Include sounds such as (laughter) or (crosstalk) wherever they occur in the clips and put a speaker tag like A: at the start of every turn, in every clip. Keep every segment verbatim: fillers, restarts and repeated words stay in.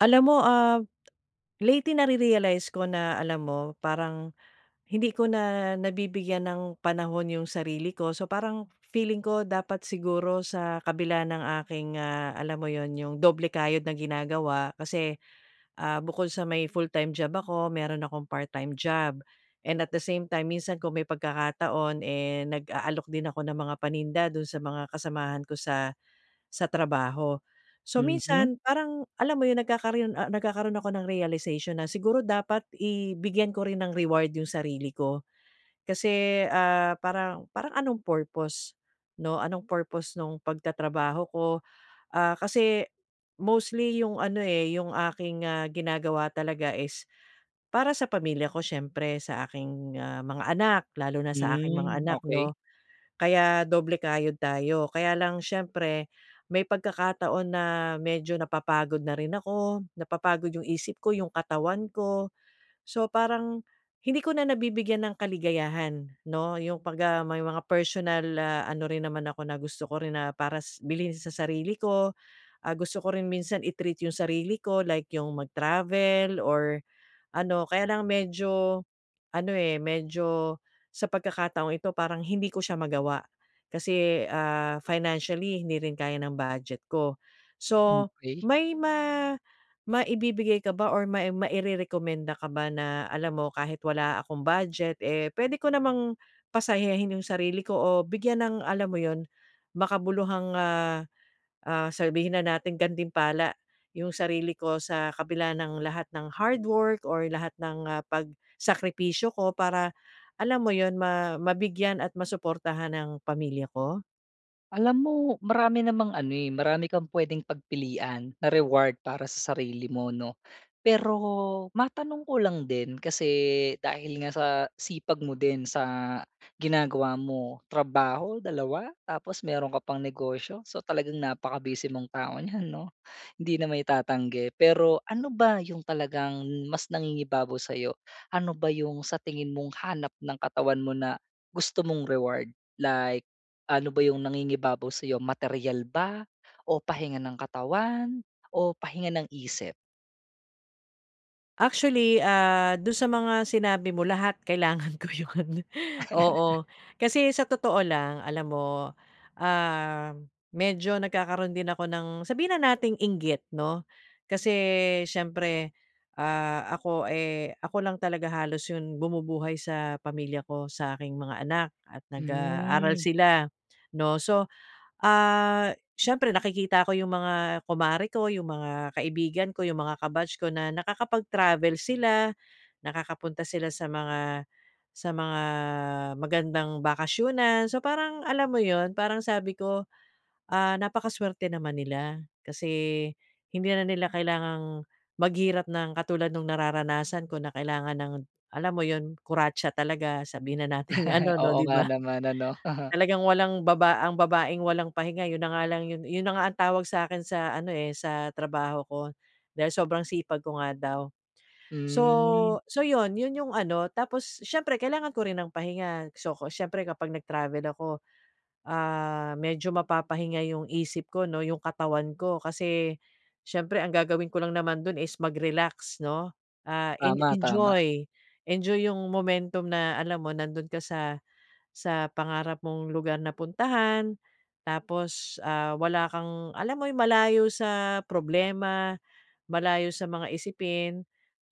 A: Alam mo, ah, lately nari-realize ko na alam mo, parang hindi ko na nabibigyan ng panahon yung sarili ko. So, parang feeling ko dapat siguro sa kabila ng aking, ah, alam mo 'yon? Yung doble kayod na ginagawa, kasi, ah, bukod sa may full-time job ako, mayro'n akong part-time job. And at the same time minsan kung may pagkakataon, eh, nag-aalok din ako ng mga paninda do'n sa mga kasamahan ko sa sa trabaho. So,
B: Mhm.
A: minsan parang alam mo yung nagkakaroon ah, nagkakaroon ako ng realization na siguro dapat i bigyan ko rin ng reward yung sarili ko. Kasi, ah, parang parang anong purpose, 'no? Anong purpose nung pagtatrabaho ko? Ah, kasi mostly yung ano, eh, yung aking, ah, ginagawa talaga, is para sa pamilya ko siyempre, sa aking, ah, mga anak, lalo na sa aking mga
B: Hmm,
A: anak
B: okey.
A: 'no? Kaya doble kayod tayo. Kaya lang siyempre, may pagkakataon na medyo napapagod na rin ako, napapagod yung isip ko, yung katawan ko. So, parang hindi ko na nabibigyan ng kaligayahan, 'no? Yung 'pagka may mga personal, ah, ano rin naman ako na, gusto ko rin na, para sa bilhin sa sarili ko. Ah, gusto ko rin minsan i-treat yung sarili ko, like yung mag-travel or ano Kaya lang medyo, ano, eh, medyo sa pagkakataong ito parang hindi ko siya magawa. Kasi, ah, financially hindi rin kaya ng budget ko. So,
B: Okey.
A: may ma-maibibigay ka ba or may mairerekomenda ka ba, na alam mo, kahit wala akong budget, eh, puwede ko namang pasayahin yung sarili ko o bigyan ng alam mo 'yon, makabuluhang, ah, ah, sabihin na nating gantimpala yung sarili ko, sa kabila ng lahat ng hardwork or lahat ng, ah, pagsakripisyo ko. Para alam mo 'yon, ma-mabigyan at masuportahan ang pamilya ko?
B: Alam mo, marami namang ano, eh, marami kang pwedeng pagpilian, na reward para sa sarili mo, 'no? Pero matanong ko lang din, kasi dahil nga sa sipag mo din sa ginagawa mo, trabaho, dalawa? Tapos meron ka pang negosyo, so talagang napaka-busy mong tao niyan, 'no? Hindi na mai-tatanggi, pero ano ba 'yong talagang mas nangingibabaw sa'yo? Ano ba 'yong sa tingin mong hanap ng katawan mo na, gusto mong reward? Like, ano ba 'yong nangingibabaw sa 'yo, materyal ba o pahinga ng katawan, o pahinga ng isip?
A: Actually, ah, do'n sa mga sinabi mo, lahat kailangan ko 'yon.
B: (laughs)
A: Oo, kasi sa totoo lang alam mo, ah, medyo nagkakaroon din ako ng sabihin na nating inggit, 'no? Kasi siyempre, ah, ako, eh, ako lang talaga halos 'yong bumubuhay sa pamilya ko, sa aking mga anak, at nag-aaral
B: Hmm.
A: sila, 'no? So, ah, siyempre nakikita ko 'yong mga kumare ko, 'yong mga kaibigan ko, 'yong mga ka-batch ko na nakakapag-travel sila, nakakapunta sila sa mga, sa mga magandang bakasyunan. So, parang alam mo 'yon, parang sabi ko, "Ah, napakasuwerte naman nila" kasi, hindi na nila kailangang maghirap ng katulad no'ng nararanasan ko, na kailangan ng alam mo 'yon, kuratsa talaga! Sabihin na nating ano
B: (laughs)
A: 'no,
B: Oo
A: 'di
B: nga
A: ba?
B: naman, ano? (laughs)
A: Talagang walang baba ang babaeng walang pahinga, 'yon na nga lang 'yon, 'yon na nga ang tawag sa akin sa ano eh, sa trabaho ko, dahil sobrang sipag ko nga daw. So,
B: Hmm.
A: so, 'yon, 'yon 'yong ano, tapos siyempre kailangan ko rin ng pahinga. So, 'ko siyempre kapag nagtravel ako, ah, medyo mapapahinga yung isip ko 'no 'yong katawan ko, kasi siyempre ang gagawin ko lang naman do'n is mag-relax, 'no? Ah, en
B: Tama. Tama.
A: enjoy! Enjoy 'yong momentum na alam mo, nando'n ka sa, sa pangarap mong lugar na puntahan. Tapos, ah, wala kang, alam mo yung malayo sa problema, malayo sa mga isipin.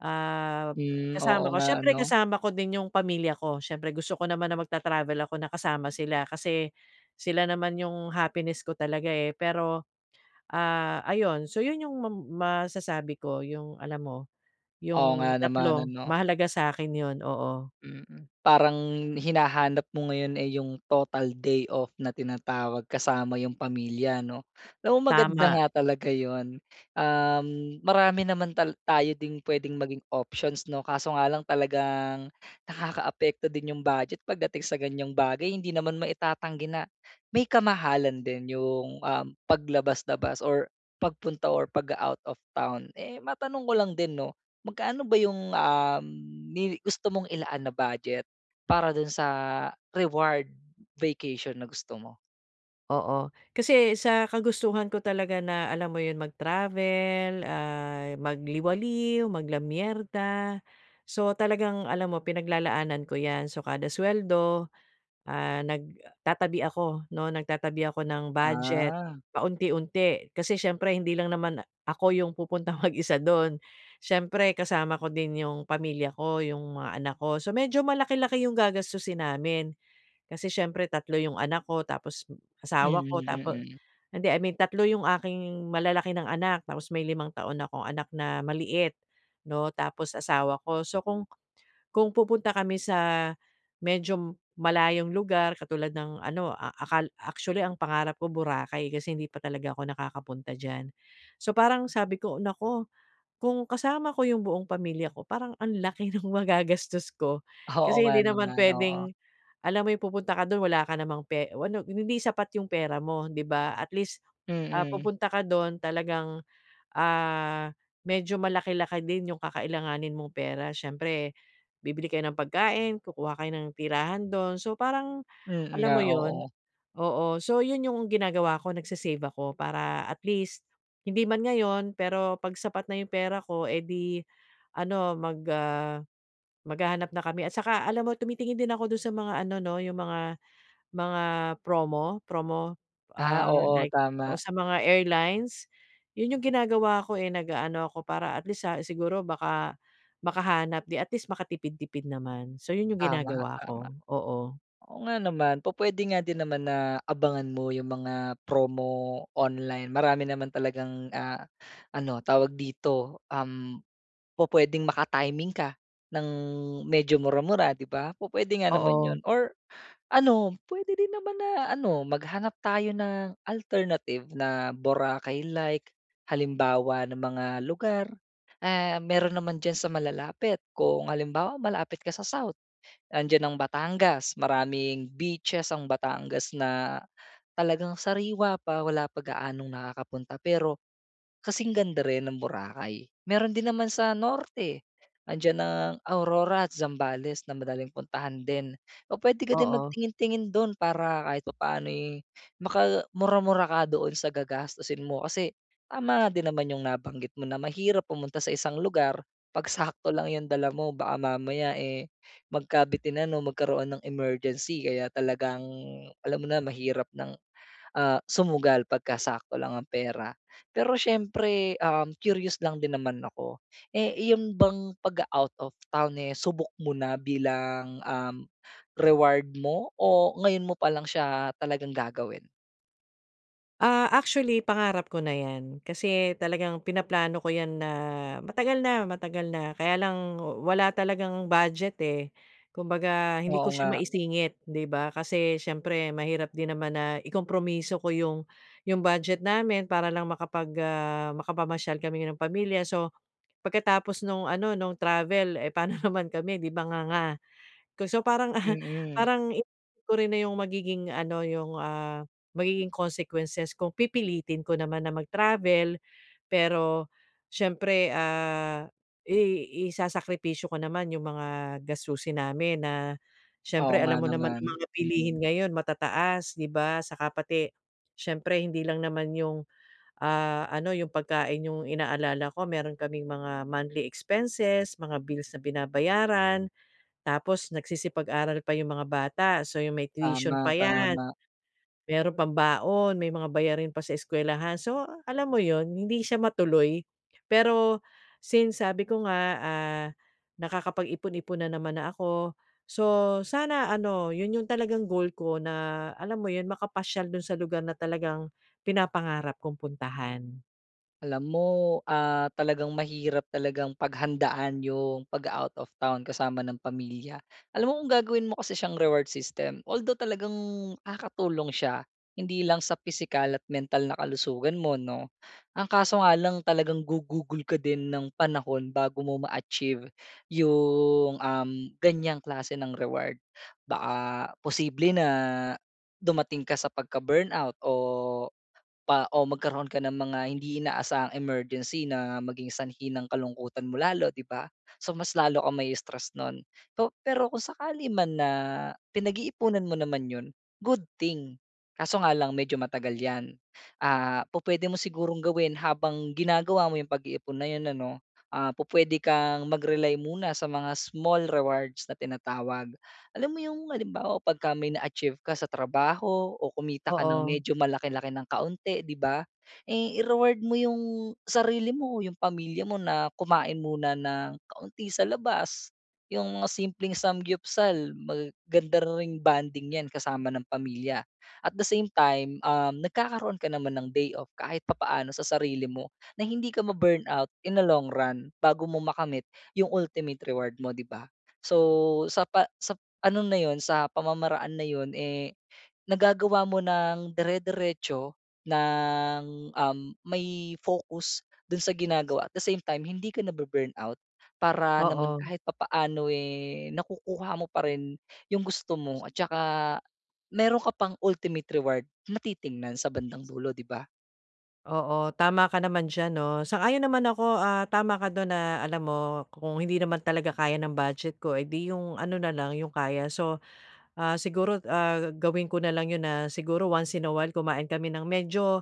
A: Ah,
B: Hmm, oo
A: kasama ko
B: nga
A: siyempre
B: ano?
A: kasama ko din 'yong pamilya ko. Siyempre gusto ko naman na magta-travel ako na kasama sila. Kasi, sila naman 'yong happiness ko talaga eh. Pero, ah, ayon! So 'yon 'yong mam masasabi ko 'yong alam mo,
B: Oo nga
A: 'yong
B: naman,
A: tatlo,
B: ano?
A: mahalaga sa'kin 'yon, oo.
B: Mm. Parang hinahanap mo ngayon, eh, yung total day off na tinatawag kasama yung pamilya, 'no? Alam mo maganda
A: Tama.
B: nga talaga 'yon. Um, marami naman tal tayo ding pwedeng maging options 'no? Kaso nga lang, talagang nakakaapekto din 'yong budget pagdating sa ganyan bagay. Hindi naman maitatanggi na, may kamahalan din 'yong, um, paglabas-labas or pagpunta or pag-a-out-of-town. Eh, matanong ko lang din 'no? Magkano ba 'yong, um, mi gusto mong ilaan na budget, para do'n sa reward vacation, na gusto mo?
A: Oo, kasi sa kagustuhan ko talaga na alam mo yun mag-travel, ah, magliwaliw, mag-lamierda, so, talagang alam mo, pinaglalaanan ko 'yan. So, kada suweldo, ah, nagtatabi ako 'no, nagtatabi ako ng budget
B: Ah.
A: paunti-unti. Kasi siyempre hindi lang naman ako yung pupuntang mag-isa do'n. Siyempre kasama ko din 'yong pamilya ko, 'yong mga anak ko. So, medyo malaki-laki yung gagastusin namin. Kasi siyempre tatlo yung anak ko tapos
B: Mm,
A: asawa ko tapo
B: mm.
A: hindi I mean, tatlo yung aking malalaki nang anak tapos may limang taon akong anak na maliit 'no, tapos asawa ko. So, kung kung pupunta kami sa medyo malayong lugar katulad ng ano a a akal actually ang pangarap ko, Boracay kasi hindi pa talaga ako nakakapunta diyan. So, parang sabi ko, "Nako! Kung kasama ko 'yong buong pamilya ko parang ang laki ng magagastos ko."
B: Oo,
A: Kasi hindi
B: nga
A: naman
B: naman, oo.
A: pwedeng, alam mo 'yong pupunta ka do'n wala ka namang pe o ano, hindi sapat 'yong pera mo, 'di ba? At least, ah,
B: Mm.
A: pupunta ka do'n talagang, ah, medyo malaki-laki din 'yong kakailanganin mong pera. Siyempre bibili kayo ng pagkain, kukuha kayo ng tirahan do'n. So, parang,
B: Mm
A: alam
B: nga,
A: mo 'yon?
B: oo.
A: Oo. So, 'yon 'yong ginagawa ko nag-sa-save ako para at least hindi man ngayon pero 'pag sapat na 'yong pera ko, eh, di ano, mag ah, maghahanap na kami. At saka alam mo tumitingin din ako do'n sa mga ano 'no 'yong mga mga promo promo,
B: Ah,
A: ah,
B: oo,
A: like oo,
B: tama.
A: sa mga airlines? 'Yun 'yong ginagawa ko, eh, nag-aano ako para at least sa siguro baka makahanap di at least makatipid-tipid naman. So, 'yun 'yong
B: Tama,
A: ginagawa
B: tama.
A: ko. Oo.
B: Oo nga naman. Pu-puwede nga din naman na abangan mo yung mga promo online. Marami naman talagang ah, ano, tawag dito, um, pu-puwedeng maka-timing ka ng medyo mura-mura 'di ba? Pu-puwede nga naman
A: Oo.
B: 'yon or ano, puwede din naman na ano, maghanap tayo ng alternative na Boracay-like. Halimbawa ng mga lugar, ah, meron naman diyan sa malalapit. Kung halimbawa malapit ka sa South, nandiyan ang Batangas. Maraming beaches ang Batangas na talagang sariwa pa, wala pa gaanong nakakapunta pero kasing ganda rin ng Boracay. Meron din naman sa norte. Andiyan ang Aurora at Zambales na madaling puntahan din. O pwede ka din
A: Oo.
B: magtingin-tingin dun para kahit papano'y makamura-mura ka doon sa gagastusin mo. Kasi tama nga din naman yung nabanggit mo na mahirap pumunta sa isang lugar 'pag sakto lang 'yong dala mo. Baka mamaya, eh, magkabitinan o magkaroon ng emergency kaya talagang alam mo na mahirap ng, ah, sumugal 'pagka sakto lang ang pera. Pero siyempre, um, curious lang din naman ako. Eh, iyon bang pag-o-out of town eh, subok mo na bilang, um, reward mo o ngayon mo palang siya talagang gagawin?
A: Ah, actually pangarap ko na 'yan. Kasi talagang pinaplano ko 'yan na matagal na, matagal na. Kaya lang wa-wala talagang budget eh. Kumbaga hindi
B: Oo,
A: ko siya
B: nga.
A: maisingit, 'di ba? Kasi siyempre mahirap din naman na ikompromiso ko 'yong 'yong budget namin para lang makapag, ah, makapamasyal kami ng pamilya. So, pagkatapos no'ng ano, no'ng travel, eh, paano (chuckles) naman kami 'di ba, nga-nga. Ko so, parang (chuckles)
B: Mm.
A: parang hindi ko rin na 'yong magiging ano 'yong ah, magiging consequences kung pipilitin ko naman na mag-travel. Pero siyempre, ah, i isasakripisyo ko naman 'yong mga gastusin namin na
B: Oo
A: siyempre
B: nga
A: alam mo naman ang
B: naman.
A: mga bilihin ngayon matataas, 'di ba? At tsaka pati, siyempre hindi lang naman 'yong, ah, ano, 'yong pagkain 'yong inaalala ko. Meron kaming mga monthly expenses, mga bills na binabayaran, tapos nagsisipag-aral pa yung mga bata. So, 'yong may tuition
B: Tama,
A: pa 'yan.
B: tama.
A: Meron pang baon may mga bayarin pa sa eskwelahan. So, ah, alam mo 'yon? Hindi siya matuloy. Pero, since sabi ko nga, ah, nakakapag-ipon-ipon na naman na ako. So, sana ano 'yun 'yong talagang goal ko na, alam mo 'yon? Makapasyal dun sa lugar na talagang pinapangarap kong puntahan.
B: Alam mo, ah, talagang mahirap talagang paghandaan 'yong paga-out of town kasama ng pamilya. Alam mo, kung gagawin mo kasi siyang reward system, although talagang nakakatulong siya hindi lang sa pisikal at mental na kalusugan mo 'no, ang kaso nga lang talagang gugugol ka din ng panahon bago mo ma-achieve 'yong, uhm, ganyang klase ng reward. Baka posible na, dumating ka sa pagka-burnout o pa o magkaroon ka ng mga hindi inaasahang emergency na maging sanhi ng kalungkutan mo lalo 'di ba? So, mas lalo kang mai-stress no'n. So pero kung sakali man na, pinag-iipunan mo naman 'yon, good thing. Kaso nga lang medyo matagal 'yan. Ah, pu-puwede mo sigurong gawin habang ginagawa mo 'yong pag-iipon na 'yon ano, ah, pu-puwede kang mag-rely muna sa mga small rewards na tinatawag. Alam mo 'yong halimbawa 'pagka may na-achieve ka sa trabaho o kumita ka ng
A: Oo.
B: medyo malaki-laki ng kaunti 'di ba? Eh, I-reward mo 'yong sarili mo, 'yong pamilya mo na kumain muna na nang kaunti sa labas. 'Yong mga simpleng 삼겹살, mag ganda ring bonding 'yan kasama ng pamilya. At the same time, uhm, nagkakaroon ka naman ng day-off kahit papaano sa sarili mo, na hindi ka ma-burnout in a long run, bago mo makamit 'yong ultimate reward mo 'di ba? So, sapa sap ano na 'yon, sa pamamaraan na 'yon, eh, nagagawa mo nang dire-diretso, nang, uhm, may focus dun sa ginagawa at the same time hindi ka na-bu-burnout. Para naman
A: Oo.
B: kahit papaano eh, nakukuha mo pa rin 'yong gusto mo at saka meron ka pang ultimate reward na titingnan sa bandang dulo 'di ba?
A: Oo, tama ka naman diyan, 'no, sang-ayon naman ako. Ah, tama ka do'n na alam mo kung hindi naman talaga kaya ng budget ko, eh, 'di 'yong ano na lang 'yong kaya. So, ah, siguro, ah, gawin ko na lang 'yon na siguro once in a while kumain kami ng medyo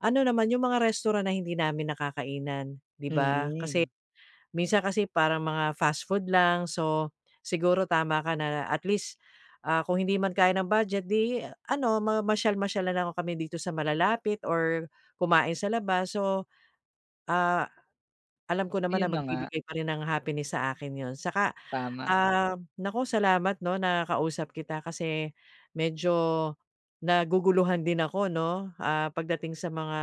A: ano naman 'yong mga restaurant na hindi namin nakakainan, 'di ba? Kasi
B: Mm.
A: minsan kasi parang mga fast food lang. So, siguro tama ka na at least, ah, kung hindi man kaya ng budget 'di i a ano, mamasyal-masyal na lang o kami dito sa malalapit or kumain sa labas. So, ah, alam ko naman na
B: Ayun na nga.
A: magbibigay pa rin ng happiness sa akin 'yon. Saka,
B: Tama.
A: um, naku, salamat 'no, nakausap kita kasi medyo naguguluhan din ako, 'no, ah, pagdating sa mga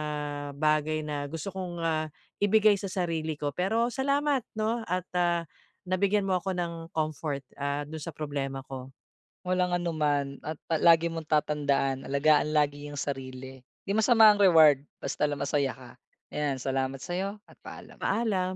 A: bagay na gusto kong, ah, ibigay sa sarili ko. Pero salamat, 'no at, ah, nabigyan mo ako ng comfort, ah, dun sa problema ko.
B: Walang anuman at pa lagi mong tatandaan alagaan lagi ang sarili, 'di masama ang reward, basta lang masaya ka. Ayan, salamat sa'yo at paalam.
A: Paalam.